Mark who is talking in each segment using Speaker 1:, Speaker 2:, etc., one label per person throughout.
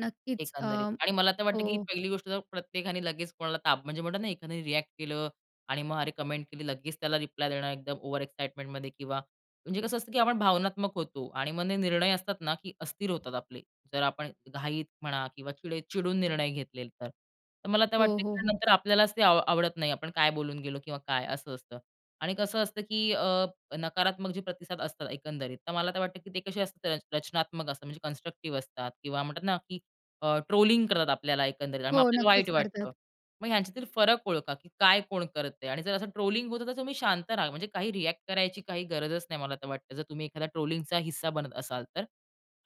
Speaker 1: नक्कीच. अ,
Speaker 2: एकंदरीत. आणि मला तर वाटतं की
Speaker 1: हो.
Speaker 2: पहिली गोष्ट जर प्रत्येकाने लगेच कोणाला ताप म्हणजे म्हणतो ना, एखाद्याने रिअ‍ॅक्ट केलं आणि मग अरे कमेंट केली, लगेच त्याला रिप्लाय देणं एकदम ओव्हर एक्साईटमेंटमध्ये किंवा म्हणजे कसं असतं की आपण भावनात्मक होतो आणि मग निर्णय असतात ना, की अस्थिर होतात आपले, जर आपण घाईत म्हणा किंवा चिडे चिडून निर्णय घेतले तर. तर मला ते
Speaker 1: हो,
Speaker 2: वाटतं
Speaker 1: हो,
Speaker 2: की
Speaker 1: हो.
Speaker 2: नंतर आपल्यालाच ते आ आवडत नाही. आपण काय बोलून गेलो किंवा काय असं असतं. आणि कसं असतं की अ, नकारात्मक प्रतिसाद असतात एकंदरीत, तर मला तर वाटतं की ते कसे असतात रचनात्मक असतात, म्हणजे कन्स्ट्रक्टिव्ह असतात किंवा म्हणतात ना, की अ, ट्रोलिंग करतात आपल्याला एकंदरीत आणि मग
Speaker 1: हो,
Speaker 2: आपल्याला
Speaker 1: नक्कीच
Speaker 2: वाईट
Speaker 1: करतात.
Speaker 2: वाटतं. मग ह्यांच्यातील फरक ओळखा की काय कोण करतंय आणि जर असं ट्रोलिंग होतं, तर तुम्ही शांत राहा. म्हणजे काही रिअ‍ॅक्ट करायची काही गरजच नाही, मला तर वाटतं. जर तुम्ही एखादा ट्रोलिंगचा हिस्सा बनत असाल तर.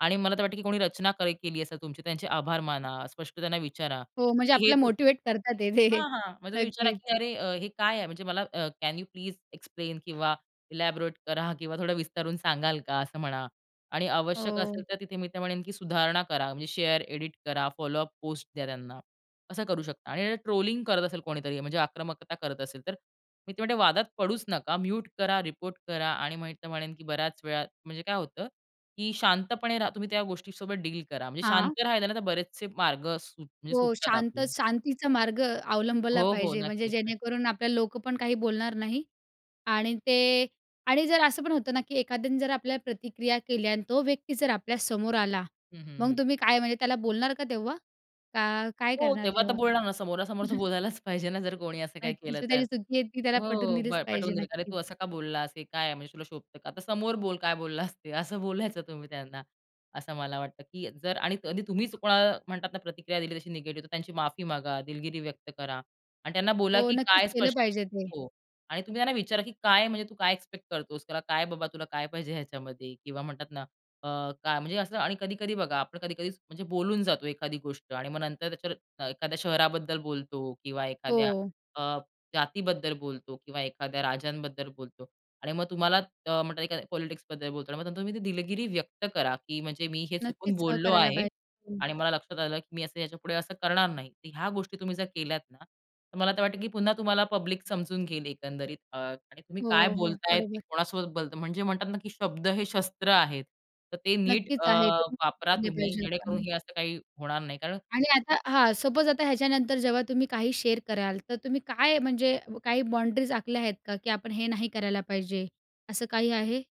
Speaker 2: आणि मला तर वाटतं की कोणी रचना करे केली असं तुमची, त्यांचे आभार माना, स्पष्ट त्यांना विचारा,
Speaker 1: हो, म्हणजे
Speaker 2: की "हे
Speaker 1: आपल्याला
Speaker 2: तु"
Speaker 1: मोटिव्हेट करतात हे जे.
Speaker 2: हां, हां, म्हणजे तुम्ही विचारा,
Speaker 1: नक्कीच.
Speaker 2: की "अरे हे अ, काय आहे?" म्हणजे मला अ, "कॅन यू प्लीज एक्सप्लेन किंवा इलॅबोरेट करा किंवा थोडं विस्तारून सांगाल का," असं म्हणा आणि आवश्यक असेल
Speaker 1: हो.
Speaker 2: तर तिथे मी तर म्हणेन की सुधारणा करा. म्हणजे शेअर, एडिट करा, फॉलोअप पोस्ट द्या त्यांना, असं करू शकता. आणि अ, ट्रोलिंग करत असेल कोणीतरी, म्हणजे आक्रमकता करत असेल, तर मी तर म्हणेन की वादात पडूच नका. म्यूट करा, रिपोर्ट करा आणि तर म्हणेन की बऱ्याच वेळा म्हणजे काय होतं, की शांतपणे रहा. तुम्ही त्या गोष्टीसोबत डील करा. म्हणजे
Speaker 1: हां.
Speaker 2: शांत राहायला ना, तर बरेचसे मार्ग म्हणजे सुट
Speaker 1: हो,
Speaker 2: सुटतात
Speaker 1: शांत
Speaker 2: आपले.
Speaker 1: शांतीचा मार्ग अवलंबला
Speaker 2: हो, हो,
Speaker 1: पाहिजे, म्हणजे
Speaker 2: नक्कीच, नक्कीच.
Speaker 1: जेणेकरून आपल्याला लोकं पण काही बोलणार नाही. आणि ते आणि जर असं पण होतं ना की एखाद्याने जर आपल्याला प्रतिक्रिया केल्या आणि तो व्यक्ती जर आपल्यासमोर आला,
Speaker 2: हं, हं,
Speaker 1: मग
Speaker 2: हं.
Speaker 1: तुम्ही काय म्हणजे त्याला बोलणार का तेव्हा? का काय
Speaker 2: हो,
Speaker 1: करणार
Speaker 2: तेव्हा तर
Speaker 1: तेव्हा?
Speaker 2: बोलणार ना. समोरासमोर तर बोलायलाच पाहिजे ना, जर कोणी असं काही
Speaker 1: नक्कीच,
Speaker 2: केलं
Speaker 1: ती
Speaker 2: तर.
Speaker 1: त्याची चुकी आहे, ती त्याला
Speaker 2: हो,
Speaker 1: पटवून दिलीच
Speaker 2: प
Speaker 1: पाहिजे.
Speaker 2: पटवून देईल का "अरे
Speaker 1: नक्कीच.
Speaker 2: तू असं का बोललास? हे काय आहे? म्हणजे तुला शोभतं का? आता समोर बोल काय बोललास ते," असं बोलायचं तुम्ही त्यांना. असं मला वाटतं की जर आणि कधी तुम्हीच कोणाला म्हणतात ना, प्रतिक्रिया दिली तशी निगेटिव्ह तर त्यांची माफी मागा, दिलगिरी व्यक्त करा आणि त्यांना बोला
Speaker 1: हो,
Speaker 2: की
Speaker 1: नक्कीच
Speaker 2: काय
Speaker 1: केलं
Speaker 2: स्पष्ट
Speaker 1: पाहिजे ते.
Speaker 2: हो. आणि तुम्ही त्यांना विचारा की "काय, म्हणजे तू काय एक्सपेक्ट करतोस," "तुला काय बाबा, तुला काय पाहिजे ह्याच्यामध्ये." किंवा म्हणतात ना, अ, काय म्हणजे असं आणि कधी-कधी बघा आपण कधी-कधी म्हणजे बोलून जातो एखादी गोष्ट आणि मग नंतर त्याच्यावर एखाद्या शहराबद्दल बोलतो किंवा एखाद्या
Speaker 1: हो.
Speaker 2: अ, जातीबद्दल बोलतो किंवा एखाद्या राज्यांबद्दल बोलतो आणि मग तुम्हाला अ, म्हणतात एखाद्या पॉलिटिक्सबद्दल बोलतो आणि मग नंतर तुम्ही ती दिलगिरी व्यक्त करा की म्हणजे, "मी हे चुकून
Speaker 1: नक्कीच अ,
Speaker 2: बोललो
Speaker 1: करायला
Speaker 2: आहे
Speaker 1: पाइ हं.
Speaker 2: आणि मला लक्षात आलं, की मी याच्यापुढे असं करणार नाही." तर ह्या गोष्टी तुम्ही जर केल्या ना, तर मला तर वाटतं की पुन्हा तुम्हाला पब्लिक समजून घेईल एकंदरीत. अ, आणि तुम्ही काय
Speaker 1: हो, हो,
Speaker 2: बोलताय ते
Speaker 1: बरोबर.
Speaker 2: कोणासोबत बोलत, म्हणजे म्हणतात ना, की शब्द हे शस्त्र आहेत, तर ते नीट
Speaker 1: नक्कीच
Speaker 2: अ,
Speaker 1: आहे, [unintelligible]
Speaker 2: वापरा
Speaker 1: ते पण
Speaker 2: तुम्ही
Speaker 1: पाहिजे
Speaker 2: जेणेकरून
Speaker 1: आपण.
Speaker 2: हे असं काही होणार नाही, कारण
Speaker 1: आणि आता हां. सपोज आता ह्याच्यानंतर जेव्हा तुम्ही काही शेअर कराल, तर तुम्ही काय म्हणजे अ, काही बाउंडरीज आखल्या आहेत का, की आपण हे नाही करायला पाहिजे, असं काही आहे?